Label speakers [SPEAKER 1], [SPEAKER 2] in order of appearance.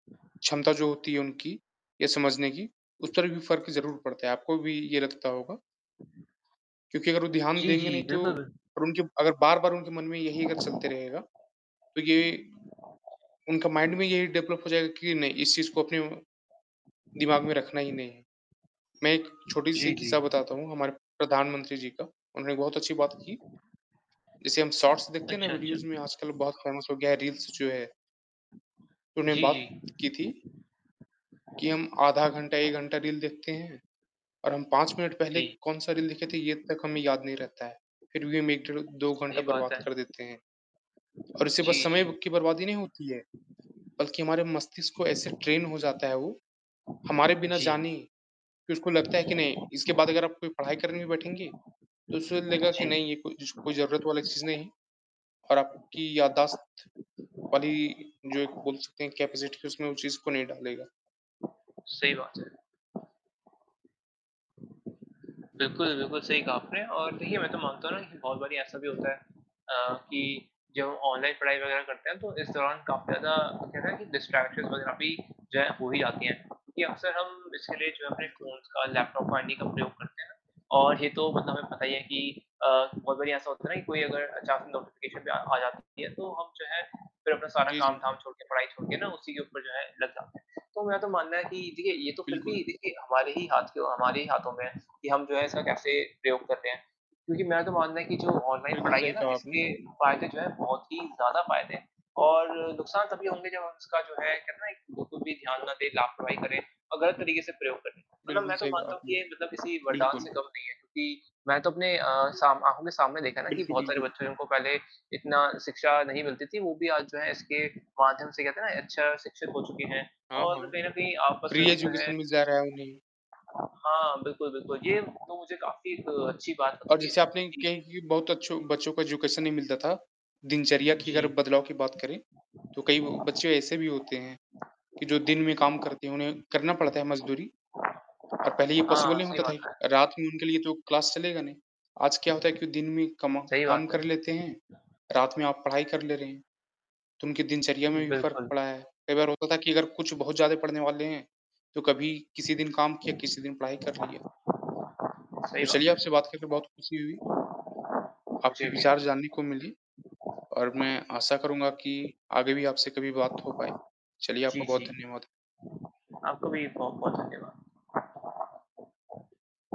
[SPEAKER 1] क्षमता जो होती है उनकी ये समझने की, उस तरह का भी फ़र्क ज़रूर पड़ता है। आपको भी ये लगता होगा? क्योंकि अगर वो ध्यान
[SPEAKER 2] जी,
[SPEAKER 1] देंगे
[SPEAKER 2] जी।
[SPEAKER 1] नहीं तो
[SPEAKER 2] बिल्कुल, बिल्कु
[SPEAKER 1] और उनके अगर बार-बार उनके मन में यही अगर चलते रहेगा। तो ये उनका माइंड में यही डेवलप हो जाएगा कि नहीं इस चीज़ को अपने दिमाग में रखना ही नहीं है। मैं एक छोटी-सी
[SPEAKER 2] जी, जी।
[SPEAKER 1] किस्सा बताता हूँ हमारे प्रधानमंत्री जी का उन्होंने बहुत अच्छी बात की। जैसे हम शॉर्ट्स देखते हैं ना
[SPEAKER 2] अच्छा, अच्छा।
[SPEAKER 1] वीडियोज़ में आजकल बहुत फ़ेमस हो गया है रील्स जो है। उन्होंने
[SPEAKER 2] जी, जी।
[SPEAKER 1] बात की थी कि हम आधा घंटा या 1 घंटा रील देखते हैं। और हम 5 मिनट पहले
[SPEAKER 2] जी।
[SPEAKER 1] कौन-सा रील देखे थे ये तक हमें याद नहीं रहता है। फ़िर भी हम 1, डेढ़, 2 घंटा
[SPEAKER 2] सही बात
[SPEAKER 1] बर्बाद
[SPEAKER 2] है।
[SPEAKER 1] कर देते हैं। और उससे बस
[SPEAKER 2] जी,
[SPEAKER 1] समय
[SPEAKER 2] जी।
[SPEAKER 1] की बर्बादी नहीं होती है। बल्कि हमारे मस्तिष्क को ऐसे ट्रेन हो जाता है वो। हमारे बिना
[SPEAKER 2] जी।
[SPEAKER 1] जाने कि उसको लगता है कि नहीं इसके बाद अगर आप कोई पढ़ाई करने में बैठेंगे। तो उसे लगेगा कि
[SPEAKER 2] जी।
[SPEAKER 1] नहीं ये कोई ज ज़रूरत वाली चीज़ नहीं है। और आपकी याददाश्त वाली जो एक बोल सकते हैं कैपेसिटी के उसमें उस चीज़ को नहीं डालेगा।
[SPEAKER 2] सही बात है। बिल्कुल, बिल्कुल सही कहा आपने और देखिए मैं तो मानता हूँ ना कि बहुत बारी ऐसा भी होता है। अ, कि जब ऑनलाइन पढ़ाई वगैरह करते हैं तो इस दौरान काफ़ी ज़्यादा कहते हैं ना कि डिस्ट्रैक्शंस वगैरह भी जो है, हो ही जाती है। क्योंकि अक्सर हम इसके लिए जो है हमने
[SPEAKER 1] बिल्कुल।
[SPEAKER 2] फ़ोन्स का, लैपटॉप का इन्हीं का प्रयोग करते हैं। और ये तो मतलब हमें पता ही है कि अ, बहुत बारी ऐसा होता है ना कि कोई अगर अचानक नोटिफ़िकेशन भी आ आ जाती है। तो हम जो है फ़िर अपना सारा
[SPEAKER 1] जी, जी।
[SPEAKER 2] काम-धाम छोड़ के पढ़ाई छोड़ के ना उसी के ऊपर जो है लग जाते हैं। तो मैं तो मानना है कि देखिए ये तो फ़िर भी
[SPEAKER 1] बिल्कुल।
[SPEAKER 2] देखिए हमारे ही हाथ के हो हमारे ही हाथों में है कि हम जो है इसका कैसे प्रयोग करते हैं। क्योंकि मैं तो मानना है कि जो ऑनलाइन
[SPEAKER 1] बिल्कुल,
[SPEAKER 2] पढ़ाई है
[SPEAKER 1] सही
[SPEAKER 2] ना
[SPEAKER 1] कहा आपने।
[SPEAKER 2] इसके फ़ायदे जो हैं बहुत ही ज़्यादा फ़ायदे हैं। और नुकसान तभी होंगे जब उसका जो है कहते हैं ना एक बिल्कुल भी ध्यान ना दें, लापरवाही करें और गलत तरीके से प्रयोग करें। मतलब
[SPEAKER 1] बिल्कुल,
[SPEAKER 2] मैं तो
[SPEAKER 1] सही कहा
[SPEAKER 2] मानता हूँ कि
[SPEAKER 1] आपने।
[SPEAKER 2] ये मतलब किसी वरदान से
[SPEAKER 1] बिल्कुल।
[SPEAKER 2] कम नहीं है क्योंकि मैं तो अपने अ, सामने आमने-सामने देखा ना कि
[SPEAKER 1] बिल्कुल,
[SPEAKER 2] बहुत सारे
[SPEAKER 1] बिल्कुल।
[SPEAKER 2] बच्चों ने उनको पहले इतना शिक्षा नहीं मिलती थी। वो भी आज जो है इसके माध्यम से कहते हैं ना अच्छा शिक्षित हो चुके हैं।
[SPEAKER 1] हाँ,
[SPEAKER 2] और
[SPEAKER 1] हाँ।
[SPEAKER 2] कहीं न कहीं आपस में
[SPEAKER 1] फ़्री
[SPEAKER 2] भी जो है
[SPEAKER 1] एजुकेशन मिल जा रहा है उन्हें।
[SPEAKER 2] हाँ, बिल्कुल, बिल्कुल। ये तो मुझे काफ़ी एक अच्छी बात
[SPEAKER 1] और
[SPEAKER 2] लगती
[SPEAKER 1] जैसे
[SPEAKER 2] है।
[SPEAKER 1] आपने
[SPEAKER 2] जी।
[SPEAKER 1] कही कि बहुत अच्छो बच्चों को एजुकेशन नहीं मिलता था, दिनचर्या की अगर
[SPEAKER 2] जी।
[SPEAKER 1] बदलाव की बात करें। तो कई ब बच्चे ऐसे भी होते हैं कि जो दिन में काम करती हैं उन्हें करना पड़ता है मज़दूरी। और पहले ये पॉसिबल
[SPEAKER 2] हाँ,
[SPEAKER 1] नहीं
[SPEAKER 2] सही
[SPEAKER 1] होता था
[SPEAKER 2] बात
[SPEAKER 1] ही
[SPEAKER 2] है।
[SPEAKER 1] रात में उनके लिए तो क्लास चलेगा नहीं। आज क्या होता है कि दिन में कमा
[SPEAKER 2] सही
[SPEAKER 1] काम
[SPEAKER 2] बात
[SPEAKER 1] कर
[SPEAKER 2] है।
[SPEAKER 1] लेते हैं। रात में आप पढ़ाई कर ले रहे हैं तो उनके दिनचर्या में भी फ़र्क
[SPEAKER 2] बिल्कुल।
[SPEAKER 1] पड़ा है। कई बार होता था कि अगर कुछ बहुत ज़्यादा पढ़ने वाले हैं। तो कभी किसी दिन काम किया, किसी दिन पढ़ाई कर लिया।
[SPEAKER 2] सही
[SPEAKER 1] तो चलिए
[SPEAKER 2] बात है।
[SPEAKER 1] आपसे बात करके बहुत ख़ुशी हुई। आपके
[SPEAKER 2] मुझे भी।
[SPEAKER 1] विचार जानने को मिली। और मैं आशा करूँगा कि आगे भी आपसे कभी बात हो पाए। चलिए
[SPEAKER 2] जी,
[SPEAKER 1] आपका बहुत
[SPEAKER 2] जी।
[SPEAKER 1] धन्यवाद।
[SPEAKER 2] आपका भी बहुत धन्यवाद।